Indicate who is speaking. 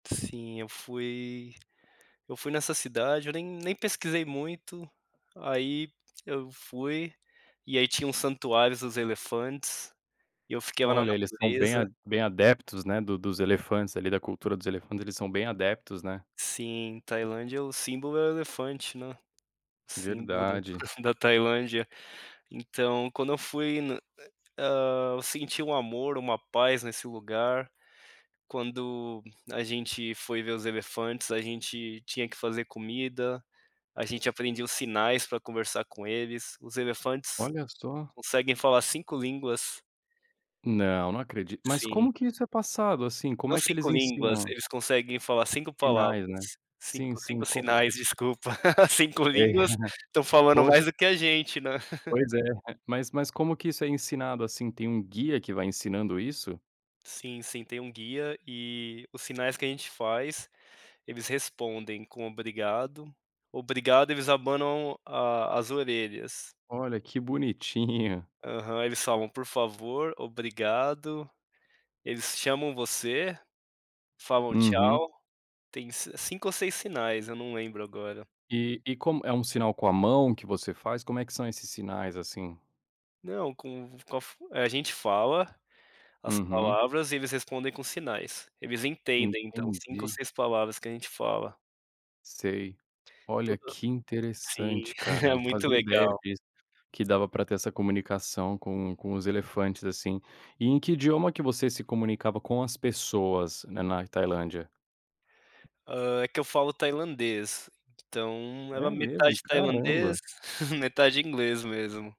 Speaker 1: Sim eu fui eu fui nessa cidade, eu nem nem pesquisei muito, aí eu fui, e aí tinha um santuários dos elefantes, e eu fiquei lá na
Speaker 2: Olha, eles são bem
Speaker 1: natureza.
Speaker 2: bem adeptos, né, do dos elefantes ali, da cultura dos elefantes, eles são bem adeptos, né.
Speaker 1: Sim, Tailândia, o símbolo é o elefante, né, símbolo da
Speaker 2: Verdade.
Speaker 1: da Tailândia. Então, quando eu fui no né. Ah, eu senti um amor, uma paz nesse lugar, quando a gente foi ver os elefantes, a gente tinha que fazer comida, a gente aprendia os sinais pra conversar com eles. Os elefantes
Speaker 2: Olha só!
Speaker 1: conseguem falar 5 línguas.
Speaker 2: Não, não acredito. Mas
Speaker 1: Sim.
Speaker 2: como que isso é passado, assim? Como
Speaker 1: Não
Speaker 2: é que eles
Speaker 1: 5 línguas,
Speaker 2: ensinam?
Speaker 1: eles conseguem falar 5 palavras.
Speaker 2: Sinais, né. Sim,
Speaker 1: cinco,
Speaker 2: sim.
Speaker 1: cinco
Speaker 2: Como
Speaker 1: sinais, desculpa, 5
Speaker 2: É,
Speaker 1: línguas, estão falando
Speaker 2: pois
Speaker 1: mais do que a gente, né.
Speaker 2: pois é. Mas mas como que isso é ensinado assim? Tem um guia que vai ensinando isso?
Speaker 1: Sim, sim. Tem um guia e os sinais que a gente faz, eles respondem com obrigado. Obrigado, eles abanam a as orelhas.
Speaker 2: Olha que bonitinho.
Speaker 1: Aham. Eles falam: "Por favor, obrigado". Eles chamam você, falam:
Speaker 2: Uhum.
Speaker 1: "Tchau". Tem s 5 ou 6 sinais, eu não lembro agora.
Speaker 2: E e como É um sinal com a mão que você faz? Como é que são esses sinais, assim?
Speaker 1: Não com v com a fu a gente fala, as
Speaker 2: Uhum.
Speaker 1: palavras e eles respondem com sinais, eles entendem então 5 ou
Speaker 2: Entendi.
Speaker 1: 6 palavras que a gente fala.
Speaker 2: Sei. Olha
Speaker 1: Tudo
Speaker 2: que
Speaker 1: Sim,
Speaker 2: interessante, cara,
Speaker 1: é
Speaker 2: não
Speaker 1: muito
Speaker 2: fazia ideia
Speaker 1: legal!
Speaker 2: disso, que dava pra ter essa comunicação com com os elefantes, assim. E em que idioma que você se comunicava com as pessoas, né, nai Tailândia?
Speaker 1: Ah, é que eu falo tailandês, então, é
Speaker 2: É
Speaker 1: uma metade
Speaker 2: mesmo?
Speaker 1: tailandês,
Speaker 2: Caramba!
Speaker 1: metade inglês mesmo.